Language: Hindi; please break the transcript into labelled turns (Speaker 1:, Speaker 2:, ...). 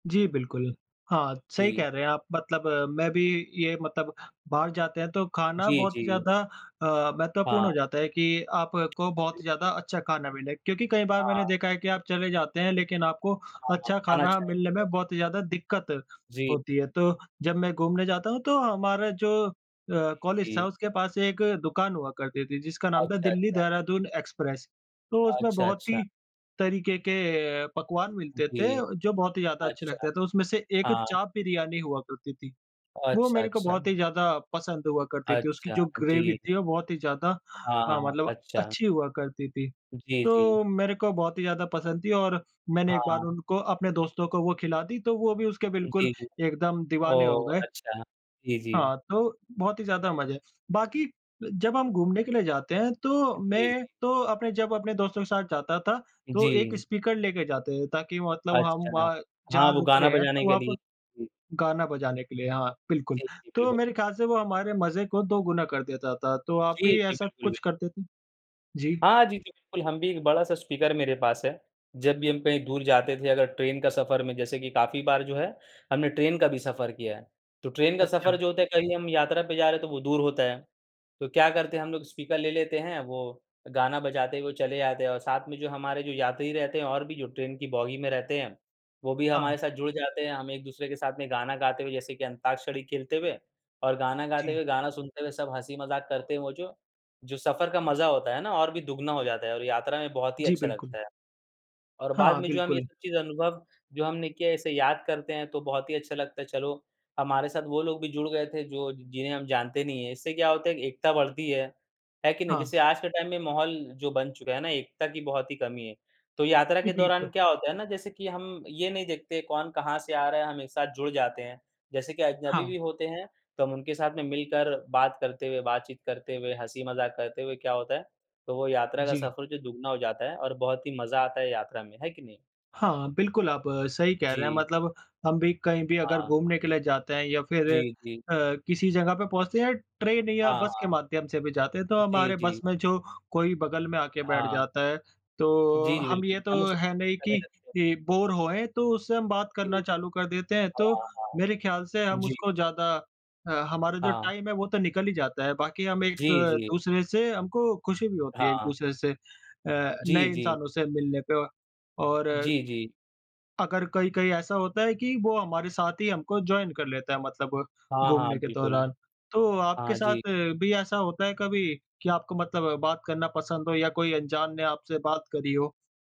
Speaker 1: जी, बिल्कुल। हाँ, सही कह
Speaker 2: जी।
Speaker 1: रहे हैं आप। मतलब मैं भी ये मतलब बाहर जाते हैं, तो खाना
Speaker 2: जी,
Speaker 1: बहुत ही
Speaker 2: जी।
Speaker 1: ज़्यादा अ, महत्वपूर्ण हो
Speaker 2: हाँ।
Speaker 1: जाता है कि आपको
Speaker 2: जी,
Speaker 1: बहुत ज़्यादा
Speaker 2: जी।
Speaker 1: अच्छा खाना मिले। क्योंकि कई बार मैंने
Speaker 2: हाँ।
Speaker 1: देखा है कि आप चले जाते हैं, लेकिन आपको
Speaker 2: हाँ,
Speaker 1: अच्छा
Speaker 2: खाना
Speaker 1: खाना मिलने
Speaker 2: चाहेंगे।
Speaker 1: में बहुत ही ज़्यादा दिक्कत
Speaker 2: जी।
Speaker 1: होती है। तो जब मैं घूमने जाता हूँ, तो हमारा जो अ, कॉलेज
Speaker 2: जी,
Speaker 1: था,
Speaker 2: जी।
Speaker 1: उसके पास एक दुकान हुआ करती थी, जिसका नाम था,
Speaker 2: अच्छा, अच्छा।
Speaker 1: दिल्ली-देहरादून एक्सप्रेस। तो उसमें
Speaker 2: अच्छा,
Speaker 1: बहुत
Speaker 2: अच्छा।
Speaker 1: ही तरीके के पकवान मिलते थे,
Speaker 2: जी।
Speaker 1: जो बहुत ही ज़्यादा अच्छे
Speaker 2: अच्छा।
Speaker 1: लगते थे। तो उसमें से एक
Speaker 2: हाँ।
Speaker 1: चाप बिरयानी हुआ करती थी। वो
Speaker 2: अच्छा,
Speaker 1: मेरे को
Speaker 2: अच्छा।
Speaker 1: बहुत ही ज़्यादा पसंद हुआ करती थी। उसकी
Speaker 2: अच्छा,
Speaker 1: जो ग्रेवी
Speaker 2: जी।
Speaker 1: थी, वो बहुत ही ज़्यादा
Speaker 2: हाँ,
Speaker 1: अ,
Speaker 2: हाँ।
Speaker 1: मतलब
Speaker 2: अच्छा।
Speaker 1: अच्छी हुआ करती थी।
Speaker 2: जी, जी।
Speaker 1: तो मेरे को बहुत ही ज़्यादा पसंद थी और मैंने एक बार
Speaker 2: हाँ।
Speaker 1: उनको अपने दोस्तों को वो खिला दी, तो वो भी उसके बिल्कुल
Speaker 2: जी।
Speaker 1: एकदम दीवाने हो
Speaker 2: ओह!
Speaker 1: गए।
Speaker 2: अच्छा। जी, जी।
Speaker 1: हाँ, तो बहुत ही ज़्यादा मज़ा है। बाकी जब हम घूमने के लिए जाते हैं, तो
Speaker 2: जी,
Speaker 1: मैं
Speaker 2: जी।
Speaker 1: तो अपने जब अपने दोस्तों के साथ जाता था, तो एक
Speaker 2: जी।
Speaker 1: स्पीकर लेके जाते थे, ताकि मतलब हम
Speaker 2: अच्छा।
Speaker 1: वहाँ,
Speaker 2: हाँ,
Speaker 1: जहाँ
Speaker 2: वो
Speaker 1: रुक
Speaker 2: गाना
Speaker 1: रहे हैं,
Speaker 2: बजाने
Speaker 1: तो
Speaker 2: के
Speaker 1: वहाँ पर
Speaker 2: लिए। जी।
Speaker 1: गाना बजाने के लिए। हाँ, बिल्कुल।
Speaker 2: जी, जी,
Speaker 1: तो
Speaker 2: बिल्कुल।
Speaker 1: मेरे ख्याल से वो हमारे मज़े को दोगुना कर देता था। तो आप
Speaker 2: जी,
Speaker 1: भी
Speaker 2: जी,
Speaker 1: ऐसा
Speaker 2: बिल्कुल,
Speaker 1: कुछ
Speaker 2: बिल्
Speaker 1: करते थे? जी।
Speaker 2: हाँ, जी, जी। बिल्कुल, हम भी एक बड़ा-सा स्पीकर मेरे पास है। जब भी हम कहीं दूर जाते थे, अगर ट्रेन का सफर में, जैसे कि काफ़ी बार जो है, हमने ट्रेन का भी सफर किया है। तो ट्रेन का सफर
Speaker 1: अच्छा।
Speaker 2: जो होता है, कहीं हम यात्रा पर जा रहे हैं, तो वो दूर होता है। तो क्या करते हैं, हम लोग स्पीकर ले लेते हैं, वो गाना बजाते हुए चले जाते हैं और साथ में जो हमारे जो यात्री रहते हैं, और भी जो ट्रेन की बोगी में रहते हैं, वो भी
Speaker 1: हाँ।
Speaker 2: हमारे साथ जुड़ जाते हैं। हम एक-दूसरे के साथ में गाना गाते हुए, जैसे कि अंताक्षरी खेलते हुए और गाना गाते
Speaker 1: जी।
Speaker 2: हुए, गाना सुनते हुए सब हँसी-मज़ाक करते हैं वो जो। जो सफर का मज़ा होता है ना, और भी दुगुना हो जाता है और यात्रा में बहुत ही
Speaker 1: जी,
Speaker 2: अच्छा
Speaker 1: बिल्कुल।
Speaker 2: लगता है। और बाद
Speaker 1: हाँ,
Speaker 2: में, जो हम ये
Speaker 1: बिल्कुल।
Speaker 2: सब चीज़ अनुभव जो हमने किया है, इसे याद करते हैं, तो बहुत ही अच्छा लगता है, "चलो, हमारे साथ वो लोग भी जुड़ गए थे, जो ज जिन्हें हम जानते नहीं हैं।" इससे क्या होता है, एक एकता बढ़ती है। है कि नहीं?
Speaker 1: हाँ।
Speaker 2: जैसे आज के टाइम में माहौल जो बन चुका है ना, एकता की बहुत ही कमी है। तो यात्रा
Speaker 1: जी,
Speaker 2: के दौरान
Speaker 1: बिल्कुल।
Speaker 2: क्या होता है ना, जैसे कि हम ये नहीं देखते, कौन कहाँ से आ रहा है, हम एक साथ जुड़ जाते हैं। जैसे कि अजनबी
Speaker 1: हाँ।
Speaker 2: भी होते हैं, तो हम उनके साथ में मिलकर बात करते हुए, बातचीत करते हुए, हँसी-मज़ाक करते हुए, क्या होता है, तो वो यात्रा का
Speaker 1: जी।
Speaker 2: सफर जो दुगुना हो जाता है, और बहुत ही मज़ा आता है यात्रा में। है कि नहीं?
Speaker 1: हाँ, बिल्कुल, आप सही कह रहे हैं।
Speaker 2: जी।
Speaker 1: मतलब हम भी कहीं भी अगर
Speaker 2: हाँ।
Speaker 1: घूमने के लिए जाते हैं, या फिर
Speaker 2: जी, जी।
Speaker 1: अ, किसी जगह पे पहुँचते हैं, या ट्रेन या
Speaker 2: हाँ,
Speaker 1: बस के
Speaker 2: हाँ।
Speaker 1: माध्यम से भी जाते हैं, तो
Speaker 2: जी,
Speaker 1: हमारे बस
Speaker 2: जी।
Speaker 1: में जो कोई बगल में आके बैठ
Speaker 2: हाँ।
Speaker 1: जाता है, तो
Speaker 2: जी, जी,
Speaker 1: हम ये
Speaker 2: बिल्कुल।
Speaker 1: तो
Speaker 2: हम उससे
Speaker 1: है
Speaker 2: बात
Speaker 1: नहीं
Speaker 2: करने
Speaker 1: कि
Speaker 2: लगते हैं।
Speaker 1: कि बोर होएँ, तो उससे हम बात करना
Speaker 2: जी।
Speaker 1: चालू कर देते हैं। तो
Speaker 2: हाँ, हाँ।
Speaker 1: मेरे ख्याल से हम
Speaker 2: जी।
Speaker 1: उसको ज़्यादा अ, हमारा जो
Speaker 2: हाँ।
Speaker 1: टाइम है, वो तो निकल ही जाता है। बाकी हम एक
Speaker 2: जी,
Speaker 1: द
Speaker 2: जी।
Speaker 1: दूसरे से हमको खुशी भी होती है,
Speaker 2: हाँ।
Speaker 1: एक-दूसरे से अ, नए
Speaker 2: जी, जी।
Speaker 1: इंसानों से मिलने पे, व और
Speaker 2: जी, जी।
Speaker 1: अगर कहीं-कहीं ऐसा होता है कि वो हमारे साथ ही हमको जॉइन कर लेता है, मतलब
Speaker 2: हाँ, हाँ,
Speaker 1: घूमने के
Speaker 2: बिल्कुल।
Speaker 1: दौरान। तो आपके
Speaker 2: हाँ जी।
Speaker 1: साथ भी ऐसा होता है कभी कि आपको मतलब बात करना पसंद हो, या कोई अंजान ने आपसे बात करी हो?